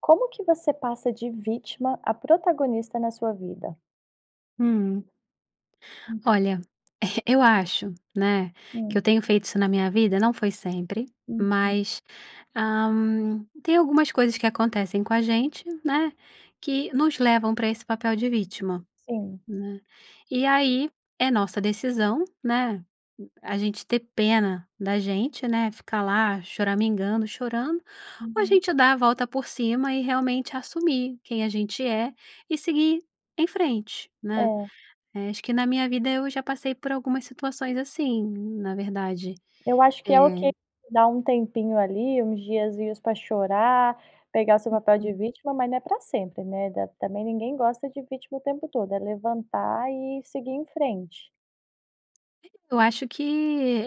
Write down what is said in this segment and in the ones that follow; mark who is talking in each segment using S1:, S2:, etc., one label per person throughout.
S1: Como que você passa de vítima a protagonista na sua vida?
S2: Hum.
S1: Hum.
S2: Olha, eh, eu acho, né, que
S1: Hum.
S2: eu tenho feito isso na minha vida, não foi sempre,
S1: Uhum.
S2: mas, hã, tem algumas coisas que acontecem com a gente, né, que nos levam pra esse papel de vítima,
S1: Sim.
S2: né, e aí, é nossa decisão, né, u a gente ter pena da gente, né, ficar lá choramingando, chorando, ou a
S1: Uhum.
S2: gente dá a volta por cima, e realmente assumir quem a gente é, e seguir em frente, né,
S1: É.
S2: eh, acho que na minha vida eu já passei por algumas situações assim, na verdade,
S1: Eu acho que é ok
S2: eh
S1: dá um tempinho ali, uns diazinhos pra chorar, pegar o seu papel de
S2: Uhum.
S1: vítima, mas não é pra sempre, né, da também ninguém gosta de vítima o tempo todo, é levantar e seguir em frente.
S2: Eu acho que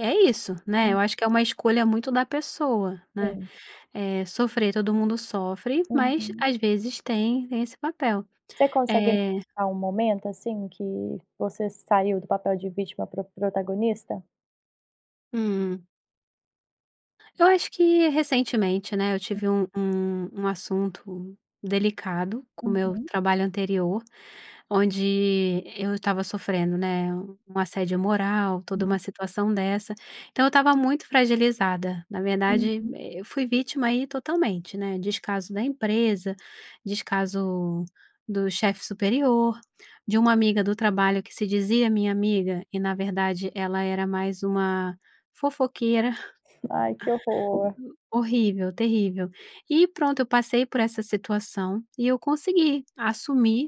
S2: é isso, né, eu
S1: Hum.
S2: acho que é uma escolha muito da pessoa, né,
S1: Sim.
S2: eh, sofrer todo mundo sofre, mas,
S1: Uhum.
S2: às vezes, tem tem esse papel,
S1: Você consegue me
S2: eh
S1: falar um momento, assim, que você saiu do papel de vítima pra protagonista?
S2: Hum. Eu acho que, recentemente, né, eu
S1: Hum.
S2: tive um um um assunto delicado com meu
S1: Uhum.
S2: trabalho anterior, onde eu estava sofrendo, né, u um assédio moral, toda
S1: Hum.
S2: uma situação dessa, então eu estava muito fragilizada, na verdade,
S1: Uhum.
S2: e eu fui vítima aí totalmente, né, descaso da empresa, descaso do chefe superior, de uma amiga do trabalho que se dizia minha amiga e, na verdade, ela era mais uma fofoqueira.
S1: Ai que horror.
S2: U horrível, terrível, e, pronto, eu passei por essa situação e eu consegui assumir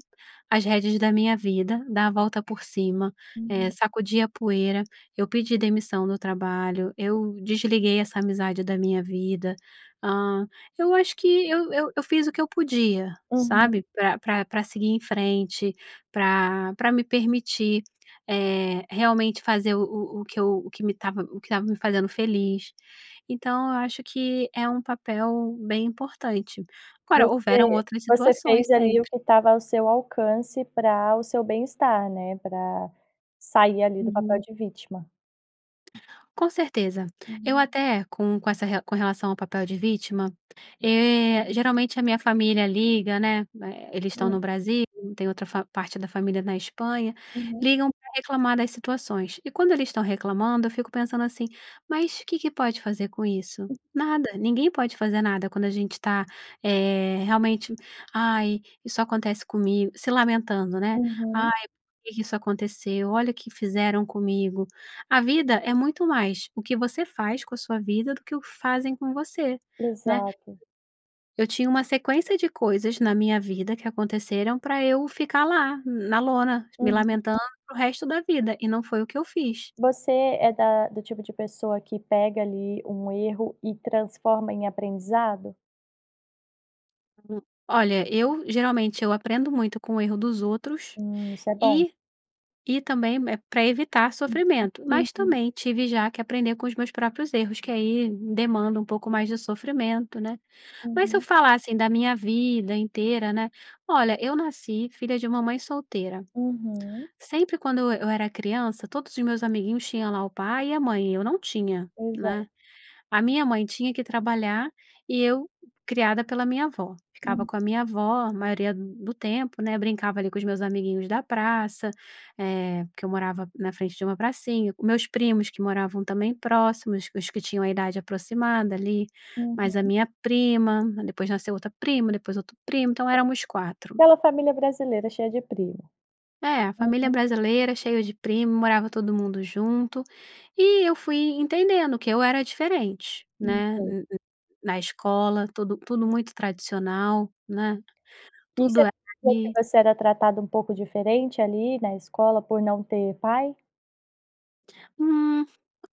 S2: as rédeas da minha vida, dar a volta por cima, eh,
S1: Uhum.
S2: sacudi a poeira, eu pedi demissão no trabalho, eu desliguei essa amizade da minha vida, hã, eu acho que eu eu eu fiz o que eu podia,
S1: Aham.
S2: sabe, pra pra pra seguir em frente, pra pra me permitir, eh, realmente fazer o o o que eu o que me estava o que estava me fazendo feliz. Então, eu acho que é um papel bem importante. Agora, houveram
S1: Você
S2: outras
S1: você
S2: situações,
S1: fez ali o
S2: sempre.
S1: que o estava ao seu alcance para o seu bem estar, né, pra sair ali do papel
S2: Uhum.
S1: de vítima.
S2: Com certeza, eu
S1: Uhum.
S2: até com com essa re com relação ao papel de vítima, eh, geralmente a minha família liga, né, eh, eles estão no
S1: Hum.
S2: Brasil, tem outra fa parte da família na Espanha,
S1: Uhum.
S2: ligam pra reclamar das situações e, quando eles estão reclamando, eu fico pensando assim: "Mas que que pode fazer com isso?" Nada! Ninguém pode fazer nada quando a gente tá, eh, realmente: "Ai, só acontece comigo", se lamentando, né, "Ai,
S1: Uhum.
S2: por que que isso aconteceu, olha o que fizeram comigo", a vida é muito mais o que você faz com a sua vida do que o fazem com você, né.
S1: Exato.
S2: Eu tinha uma sequência de coisas na minha vida que aconteceram pra eu ficar lá, na lona, me
S1: Uhum.
S2: lamentando para o resto da vida e não foi o que eu fiz.
S1: Você é da do tipo de pessoa que pega ali um erro e transforma em aprendizado?
S2: Hum, olha, eu geralmente eu aprendo muito com o erro dos outros
S1: Hum, isso é bom.
S2: e e também, eh, pra evitar
S1: Uhum.
S2: sofrimento.
S1: Sim,
S2: Mas
S1: sim.
S2: também tive já que aprender com os meus próprios erros, que aí demanda um pouco mais de sofrimento, né, mas se eu
S1: Uhum.
S2: falar assim da minha vida inteira, né olha, eu nasci filha de uma mãe solteira,
S1: Uhum.
S2: sempre quando eu eu era criança todos os meus amiguinhos tinham lá o pai e a mãe, e eu não tinha, né.
S1: Exato.
S2: A minha mãe tinha que ir trabalhar e eu, criada pela minha avó, ficava
S1: Hum.
S2: com a minha avó a maioria d do tempo, né, brincava ali com os meus amiguinhos da praça, eh, que eu morava na frente de uma pracinha. Os meus primos, que moravam também próximos, os que tinham a idade aproximada ali, mais a
S1: Uhum.
S2: minha prima, depois nasceu outra prima, depois outro primo, então, éramos 4.
S1: Aquela família brasileira cheia de primo.
S2: É, a família
S1: Uhum.
S2: brasileira, cheio de primo, morava todo mundo junto, e eu fui entendendo que eu era diferente,
S1: Hum,
S2: né,
S1: sei.
S2: n n na escola tudo tudo muito tradicional, né,
S1: Isso
S2: tudo era
S1: quer dizer que
S2: ali.
S1: você era tratada um pouco diferente ali na escola por não ter pai?
S2: Hum,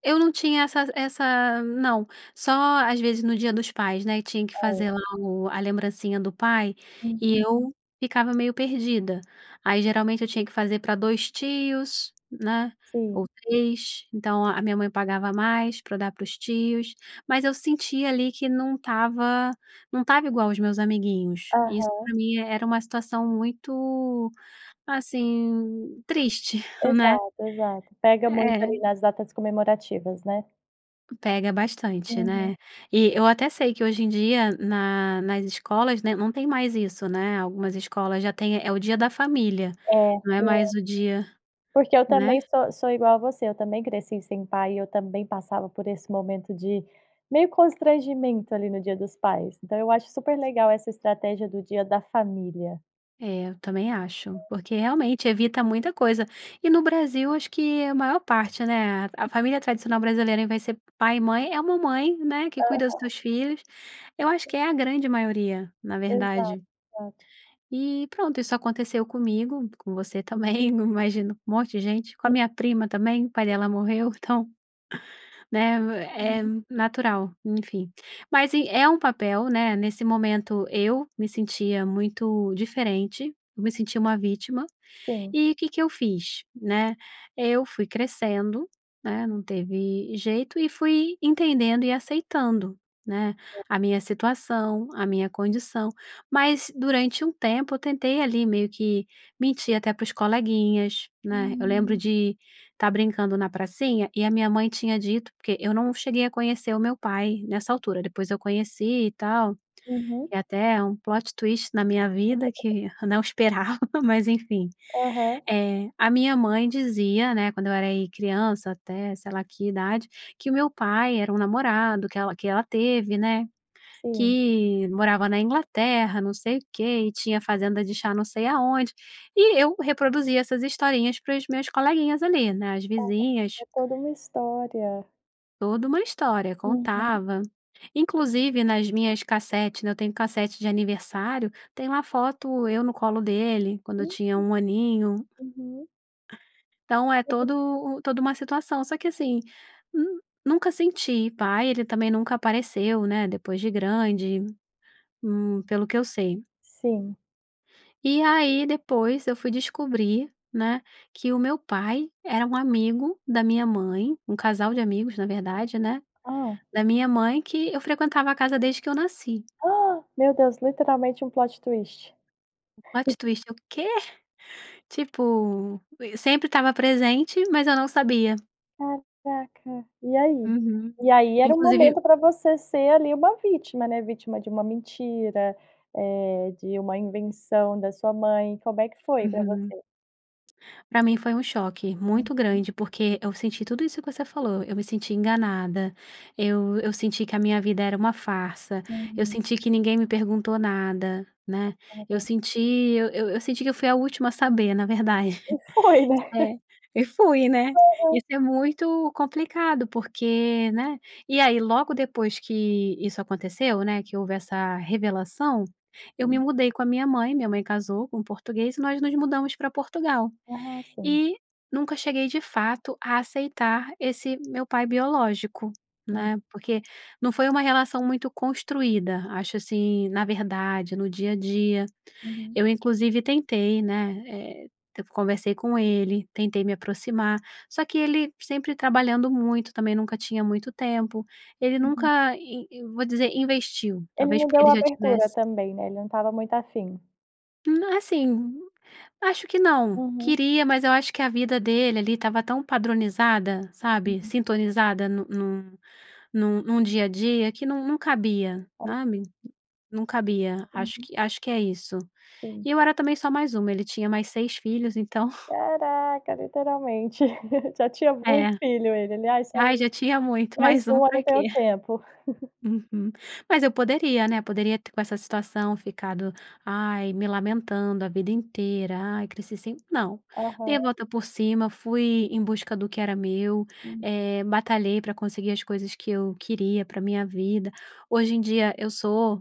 S2: eu não tinha essas essa não, só às vezes no dia dos pais, né, e tinha que
S1: Hum.
S2: fazer lá o a lembrancinha do pai e
S1: Uhum.
S2: eu ficava meio perdida, aí geralmente eu tinha que fazer pra 2 tios, né, ou
S1: Sim.
S2: 3. Então a a minha mãe pagava a mais pra dar para os tios, mas eu sentia ali que não estava não estava igual aos meus amiguinhos, e isso, pra
S1: Aham.
S2: mim, era uma situação muito, assim, triste, né.
S1: Exato, exato, pega muito
S2: É.
S1: ali nas datas comemorativas, né.
S2: Pega bastante, né?
S1: Uhum.
S2: E eu até sei que hoje em dia, na nas escolas, né, não tem mais isso, né. Algumas escolas já têm, eh, o dia da família,
S1: É.
S2: não
S1: Té
S2: é mais o dia
S1: Porque eu
S2: né?
S1: também so sou igual a você, eu também cresci sem pai e eu também passava por esse momento de meio constrangimento, ali, no dia dos pais, então, eu acho super legal essa estratégia do dia da família.
S2: Eh, eu também acho porque realmente evita muita coisa e no Brasil acho que a maior parte, né, a família tradicional brasileira, vai ser pai e mãe é uma mãe, né, que cuida dos
S1: Aham.
S2: seus filhos, eu acho que é a grande maioria, na verdade.
S1: Exata
S2: E pronto, isso aconteceu comigo, com você também, num imagino com monte de gente, com a
S1: É
S2: minha prima também, o pai dela morreu, então, né, é
S1: Aham.
S2: natural, enfim. Mas e é um papel, né? Nesse momento eu me sentia muito diferente, eu me sentia uma vítima.
S1: Sim.
S2: E o que que eu fiz, né? Eu fui crescendo, né. Não teve jeito e fui entendendo e aceitando, né.
S1: É.
S2: A minha situação, a minha condição. Mas durante um tempo eu tentei ali, meio que mentir até para os coleguinhas, né. Eu lembro
S1: Hum.
S2: de tá brincando na pracinha e a minha mãe tinha dito porque eu não cheguei a conhecer o meu pai nessa altura, depois eu conheci e tal.
S1: Uhum.
S2: É até um plot twist na minha vida
S1: [unintelligible]
S2: que eu não esperava, mas enfim.
S1: Aham.
S2: Eh, a minha mãe dizia, né, quando eu era aí, criança até sei lá que idade, que o meu pai era um namorado que ela que ela teve, né,
S1: Sim.
S2: que morava na Inglaterra, não sei o quê e tinha fazenda de chá não sei aonde. E eu reproduzia essas historinhas para os meus coleguinhas ali, né, as
S1: Ah, tá.
S2: vizinhas
S1: É toda uma história.
S2: toda uma história,
S1: Aham.
S2: contava Inclusive nas minhas cassete eu tenho cassete de aniversário, tem uma foto eu no colo dele, quando
S1: Eh,
S2: eu tinha 1 aninho.
S1: hã, uhum.
S2: Então, é
S1: Aham.
S2: todo o toda uma situação, só que assim, hum, nunca senti pai, ele também nunca apareceu, né, depois de grande. Hum, pelo que eu sei.
S1: Sim.
S2: E aí, depois eu fui descobrir, né, que o meu pai era um amigo da minha mãe um casal de amigos na verdade, né,
S1: Ah!
S2: da minha mãe, que eu frequentava a casa desde que eu nasci.
S1: Ah! Meu Deus! Literalmente um plot twist.
S2: O plot twist, eu: "Quê?". Tipo, conhe sempre tava presente, mas eu não sabia.
S1: Caraca! E aí?
S2: Uhum.
S1: E aí era o
S2: Inclusive
S1: momento pra você ser ali, uma vítima, né. Vítima de uma mentira, eh, de uma invenção da sua mãe. Como é que foi pra
S2: Uhum.
S1: você?
S2: Pra mim foi um choque muito
S1: Uhum.
S2: grande, porque eu senti tudo isso que você falou. Eu me senti enganada, eu eu senti que a minha vida era uma farsa, eu
S1: Uhum.
S2: senti que ninguém me perguntou nada, né. Eu
S1: Aham.
S2: senti eu eu senti que eu fui a última a saber, na verdade.
S1: E foi, né?
S2: É, e fui, né?
S1: Aham.
S2: Isso é muito complicado porque né? E aí, logo depois que isso aconteceu, né, que houve essa revelação, eu me
S1: Sim.
S2: mudei com a minha mãe minha mãe casou com português, nós nos mudamos pra Portugal
S1: Ah! Sim.
S2: e nunca cheguei de fato, a aceitar esse meu pai biológico,
S1: Sim.
S2: né. Porque não foi uma relação muito construída, acho assim na verdade, no dia a dia.
S1: Uhum.
S2: Eu inclusive tentei, né, eh, eu conversei com ele, tentei me aproximar, só que ele sempre trabalhando muito, também nunca tinha muito tempo. Ele
S1: Uhum.
S2: nunca, in eu vou dizer, investiu.
S1: Ele
S2: Talvez
S1: não
S2: porque ele
S1: deu
S2: já
S1: abertura
S2: tivesse
S1: também, né. Ele não tava muito afim.
S2: Não, assim, acho que não.
S1: Aham.
S2: Queria, mas eu acho que a vida dele ali, estava tão padronizada, sabe?
S1: Uhum.
S2: Sintonizada no num num num dia a dia que num num cabia,
S1: Ai quê?
S2: sabe? Num, cabia. Acho
S1: Uhum.
S2: que acho que é isso.
S1: Sim.
S2: E eu era também só mais uma, ele tinha mais 6 filhos então
S1: Caraca literalmente! Já tinha muito
S2: Eh.
S1: filho ele, alias só
S2: Ai,
S1: ele:
S2: já tinha muito,
S1: "Mais
S2: mais um
S1: um, eu
S2: pra
S1: não
S2: quê?
S1: tenho tempo".
S2: Uhum, mas eu poderia né poderia com essa situação ficado: "Ai". Me lamentando a vida inteira: "Ai, cresci sem". Não, dei
S1: Aham.
S2: volta por cima, fui em busca do que era meu,
S1: Sim.
S2: eh, batalhei pra conseguir as coisas que eu queria pra minha vida. Hoje em dia eu sou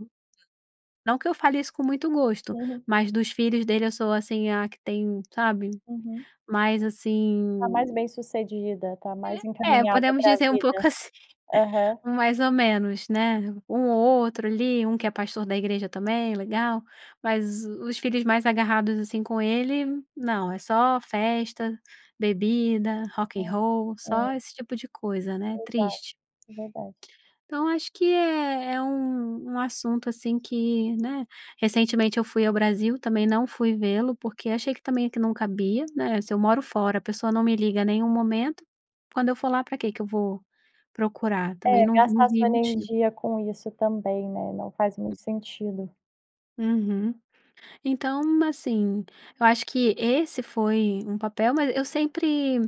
S2: não que eu fale isso com muito gosto,
S1: Uhum.
S2: mas dos filhos dele, eu sou, assim, a que tem sabe,
S1: Uhum.
S2: mais
S1: A mais bem
S2: assim
S1: sucedida. Tá
S2: Eh,
S1: mais
S2: é
S1: encaminhada
S2: podemos
S1: pra
S2: dizer um
S1: vida.
S2: pouco assim,
S1: Aham.
S2: mais ou menos, né? Um outro ali, um que é pastor da igreja também, é legal, mas o os filhos mais agarrados, assim, com ele não, é só festa, bebida, rock and
S1: Né.
S2: roll, só
S1: É.
S2: esse tipo de coisa, né?
S1: Exato,
S2: Triste.
S1: é verdade.
S2: Então, acho que é é um um assunto, assim, que né. Recentemente eu fui ao Brasil, também não fui vê-lo, porque achei que também, eh, que não cabia, né? Se eu moro fora, a pessoa não me liga em nenhum momento, quando eu for lá, pra quê que eu vou procurar? Também
S1: Eh,
S2: não vi não
S1: gastar
S2: vi
S1: sua
S2: motivo.
S1: energia com isso também, né, não faz
S2: E
S1: muito sentido.
S2: Uhum. Então, assim, eu acho que esse foi um papel mas eu sempre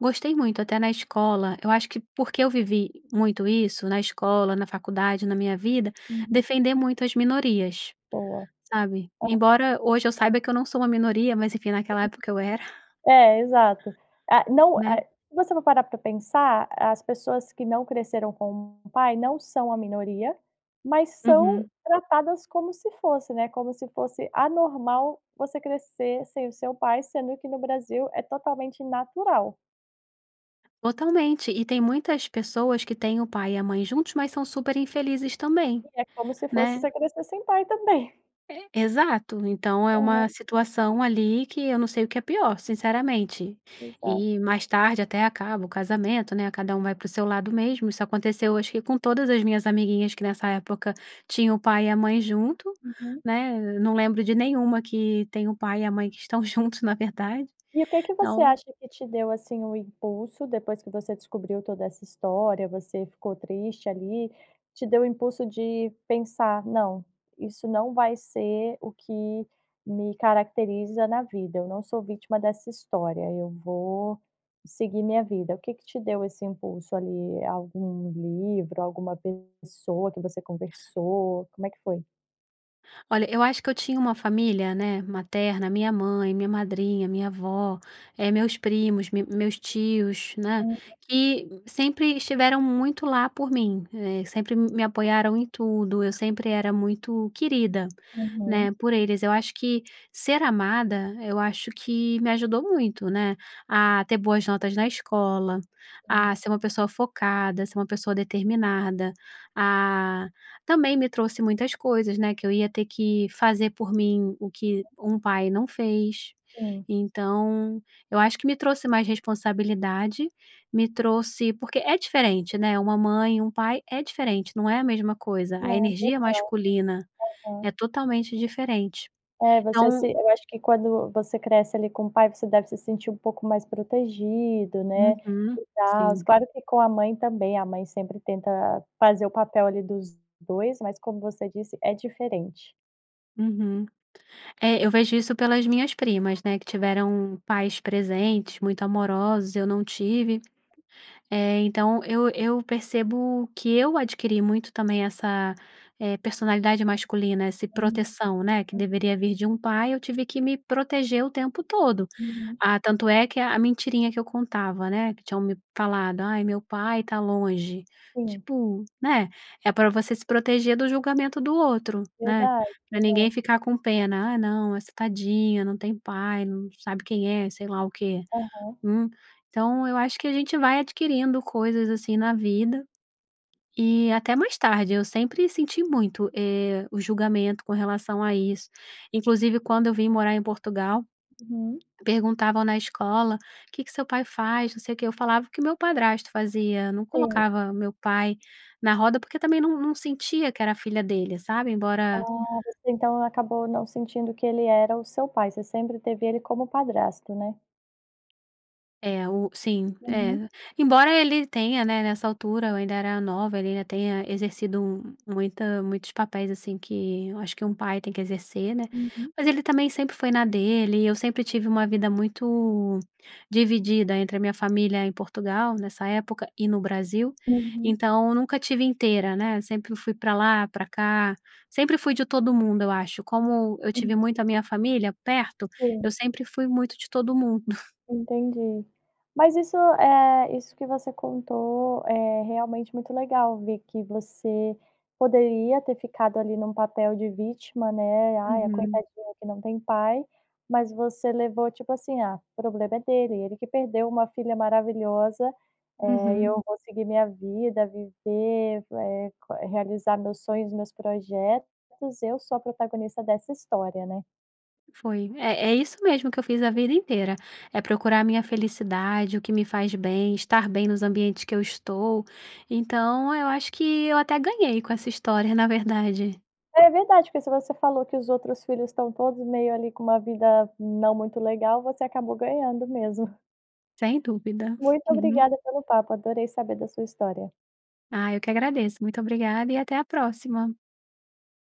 S2: gostei muito. Até na escola, eu acho que porque eu vivi muito isso, na escola, na faculdade, na minha vida,
S1: Uhum.
S2: defender muito as minorias.
S1: Boa.
S2: Sabe?
S1: Aham.
S2: Embora hoje eu saiba que eu não sou uma minoria, mas enfim, naquela época eu era.
S1: [unintelligible] É, exato. Ah, não
S2: Né?
S1: é se você não parar pra pensar, as pessoas que não cresceram com um pai, não são a minoria, mas são
S2: Uhum.
S1: tratadas como se fosse, né. Como se fosse anormal você crescer sem o seu pai, sendo que no Brasil é totalmente natural.
S2: Totalmente, e tem muitas pessoas que têm o pai e a mãe juntos, mas são super infelizes também,
S1: E é como se fosse
S2: né.
S1: você crescer sem pai também.
S2: Exato, então é
S1: Aham.
S2: uma situação ali que eu não sei o que é pior, sinceramente,
S1: Exato.
S2: e mais tarde até acaba o casamento, né, cada um vai pro seu lado mesmo. Isso aconteceu acho que com todas as minhas amiguinhas que nessa época tinham o pai e a mãe junto,
S1: Uhum.
S2: né, eu não lembro de nenhuma que tem o pai e a mãe que estão juntos, na verdade
S1: E o que que você
S2: então.
S1: acha que te deu assim o impulso depois que você descobriu toda essa história, você ficou triste ali, te deu impulso de pensar não, isso não vai ser o que me caracteriza na vida, eu não sou vítima dessa história, eu vou seguir minha vida, o que que te deu esse impulso ali, algum livro, alguma pessoa que você conversou, como é que foi?
S2: Olha, eu acho que eu tinha uma família, né, materna, minha mãe, minha madrinha, minha avó, eh, meus primos, meus tios, né.
S1: Uhum.
S2: Que sempre estiveram muito lá por mim, eh, sempre me apoiaram em tudo, eu sempre era muito querida,
S1: Uhum.
S2: né, por eles. Eu acho que ser amada, eu acho que me ajudou muito, né, a ter boas notas na escola,
S1: Sim.
S2: a ser uma pessoa focada, ser uma pessoa determinada, ah, também me trouxe muitas coisas, né, que eu ia ter que fazer por mim o que um pai não fez.
S1: Hum.
S2: Então eu acho que me trouxe mais responsabilidade, me trouxe porque é diferente, né, uma mãe e um pai é diferente, não é a mesma coisa, a
S1: [unintelligible]
S2: energia masculina
S1: uhum.
S2: é totalmente diferente,
S1: É você se
S2: então
S1: eu acho que quando você cresce ali com o pai você deve se sentir um pouco mais protegido, né,
S2: Uhum,
S1: e tals,
S2: sim.
S1: claro que com a mãe também a mãe sempre tenta fazer o papel ali dos dois, mas como você disse é diferente.
S2: Uhum, é eu vejo isso pelas minhas primas, né, que tiveram pais presentes, muito amorosos, eu não tive. Eh, então, eu eu percebo que eu adquiri muito também essa personalidade, eh, masculina, esse
S1: Hum,
S2: proteção, né. Que
S1: uhum.
S2: deveria vir de um pai, eu tive que me proteger o tempo todo.
S1: Uhum.
S2: Ah, tanto é que a mentirinha que eu contava né. Que tinham me falado "Ai meu pai tá longe".
S1: Sim.
S2: Tipo, né, é pra você se proteger do julgamento do outro, né,
S1: Verdade,
S2: pra ninguém
S1: verdade.
S2: ficar com pena, ah, não, nossa, tadinha não tem pai não sabe quem é sei lá o quê,
S1: Aham.
S2: hum. Então eu acho que a gente vai adquirindo coisas assim na vida e até mais tarde eu sempre senti muito, eh, o julgamento com relação a isso inclusive quando eu vim morar em Portugal
S1: Uhum.
S2: perguntavam na escola, o que que seu pai faz não sei o que eu falava o que meu padrasto fazia, não
S1: Sim.
S2: colocava meu pai na roda porque também não não sentia que era filha dele sabe, embora
S1: Ah, você então acabou não sentindo que ele era o seu pai, você sempre teve ele como padrasto, né.
S2: É o sim,
S1: Uhum.
S2: é embora ele tenha, né, nessa altura eu ainda era nova, ele ainda tenha exercido muita muitos papéis assim que acho que um pai tem que exercer, né.
S1: Uhum.
S2: Mas ele também sempre foi na dele, e eu sempre tive uma vida muito dividida entre a minha família em Portugal nessa época e no Brasil.
S1: Uhum.
S2: Então eu nunca estive inteira né. Sempre fui pra lá, pra cá, sempre fui de todo mundo eu acho. Como eu
S1: Sim.
S2: tive muito a minha família perto,
S1: Sim.
S2: eu sempre fui muito de todo mundo.
S1: Entendi, mas isso é, isso que você contou é realmente muito legal ver que você poderia ter ficado ali num papel de vítima, né, "Ai a
S2: Uhum.
S1: Coitadinha que não tem pai", mas você levou tipo assim, ah, problema é dele ele, que perdeu uma filha maravilhosa, eh, e
S2: Uhum.
S1: eu vou seguir minha vida viver, eh, realizar meus sonhos meus projetos, e eu sou a protagonista dessa história, né.
S2: Foi, é é isso mesmo que eu fiz a vida inteira, é procurar minha felicidade o que me faz bem, estar bem nos ambientes que eu estou, então eu acho que eu até ganhei com essa história, na verdade.
S1: É verdade porque se você falou, que os outros filhos estão todos meio ali com uma vida não muito legal, você acabou ganhando mesmo.
S2: Sem dúvida,
S1: Muito
S2: uhum.
S1: obrigada pelo papo, adorei saber da sua história.
S2: Ah, eu que agradeço, muito obrigada e até a próxima.